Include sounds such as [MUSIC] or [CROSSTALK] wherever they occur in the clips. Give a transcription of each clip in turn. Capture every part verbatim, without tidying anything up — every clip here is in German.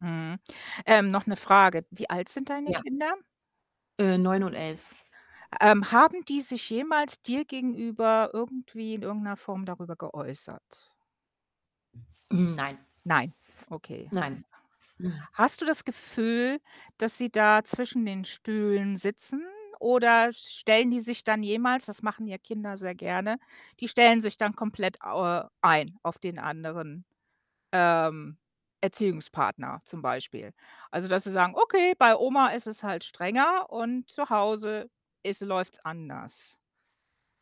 Mhm. Ähm, noch 'ne Frage, wie alt sind deine Ja. Kinder? Äh, neun und elf. Ähm, haben die sich jemals dir gegenüber irgendwie in irgendeiner Form darüber geäußert? Hm, nein. Nein. Okay. Nein. Mhm. Hast du das Gefühl, dass sie da zwischen den Stühlen sitzen oder stellen die sich dann jemals das machen ja Kinder sehr gerne, die stellen sich dann komplett, äh, ein, auf den anderen, ähm, Erziehungspartner zum Beispiel. Also, dass sie sagen: „Okay, bei Oma ist es halt strenger und zu Hause ist läuft's anders.“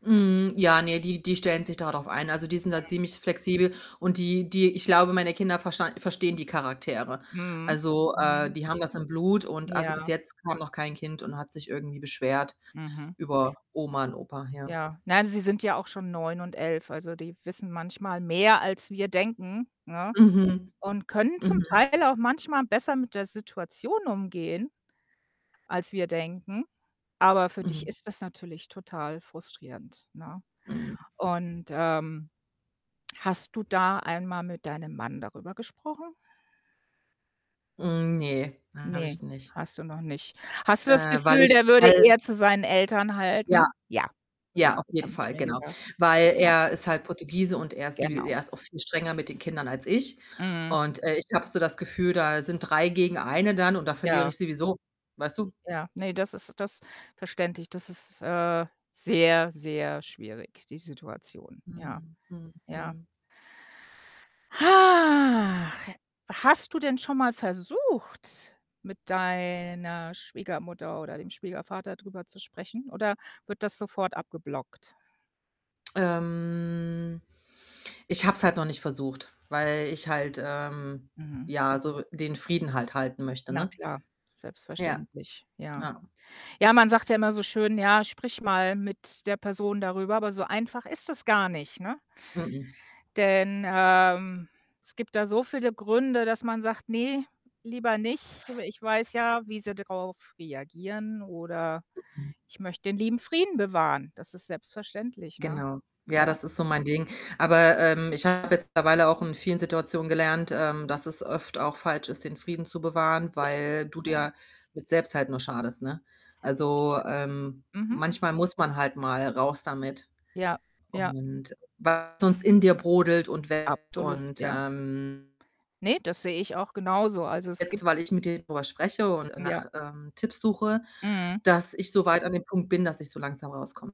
Mhm, ja, ne, die die stellen sich da drauf ein. Also, die sind da Mhm. ziemlich flexibel und die die ich glaube, meine Kinder versta verstehen die Charaktere. Mhm, Also, äh, mhm. die haben das im Blut und also, bis Ja. jetzt kam noch kein Kind und hat sich irgendwie beschwert Mhm. über Oma und Opa, ja. Ja. Nein, sie sind ja auch schon neun und elf, also die wissen manchmal mehr, als wir denken, ne, Mhm. und können zum Mhm. Teil auch manchmal besser mit der Situation umgehen, als wir denken. Aber für dich Mhm. ist das natürlich total frustrierend, ne? Mhm. Und, ähm, hast du da einmal mit deinem Mann darüber gesprochen? Hm, ne, habe Ne, ich nicht. hast du noch nicht. Hast du das Äh, weil Gefühl, ich der würde hal eher zu seinen Eltern Ja. halten? Ja. Ja, Ja, auf das jeden habe ich Fall, mir genau. gedacht, Weil ja. er ist halt Portugiese und er ist wie Genau. er ist auch viel strenger mit den Kindern als ich. Mhm. Und, äh, ich habe so das Gefühl, da sind drei gegen eine dann und da verliere Ja. ich sowieso, weißt du? Hm, ja. Ne, das ist das verständlich. Das ist, äh, sehr, sehr schwierig, die Situation. Ja, Mhm, mhm, ja. mhm. Hach, hast du denn schon mal versucht, mit deiner Schwiegermutter oder dem Schwiegervater drüber zu sprechen oder wird das sofort abgeblockt? Ähm, ich habe es halt noch nicht versucht, weil ich halt, ähm, Mhm. ja, so den Frieden halt halten möchte, Na ne? klar, Ja. selbstverständlich, ja. Ja. Ja, man sagt ja immer so schön: „Ja, sprich mal mit der Person darüber,“ aber so einfach ist das gar nicht, ne? M-m. Denn, ähm, es gibt da so viele Gründe, dass man sagt: „Ne, lieber nicht, aber ich weiß ja, wie sie darauf reagieren oder M-m. ich möchte den lieben Frieden bewahren.“ Das ist selbstverständlich, ne? Genau. Ja, Ja. das ist so mein Ding. Aber, ähm, ich habe mittlerweile auch in vielen Situationen gelernt, ähm, dass es oft auch falsch ist, den Frieden zu bewahren, Richtig, weil du ja. dir mit selbst halt nur schadest, ne? Also, Stimmt. ähm, Mhm. manchmal muss man halt mal raus damit. Ja, ja. Und weil's sonst in dir brodelt und [UNINTELLIGIBLE] Absolut, und, ja. ähm Ne, das sehe ich auch genauso. Also, es Jetzt, gibt’s weil ich mit denen drüber spreche und Ja. nach, ähm, Tipps suche, Mhm. dass ich so weit an dem Punkt bin, dass ich so langsam rauskomme.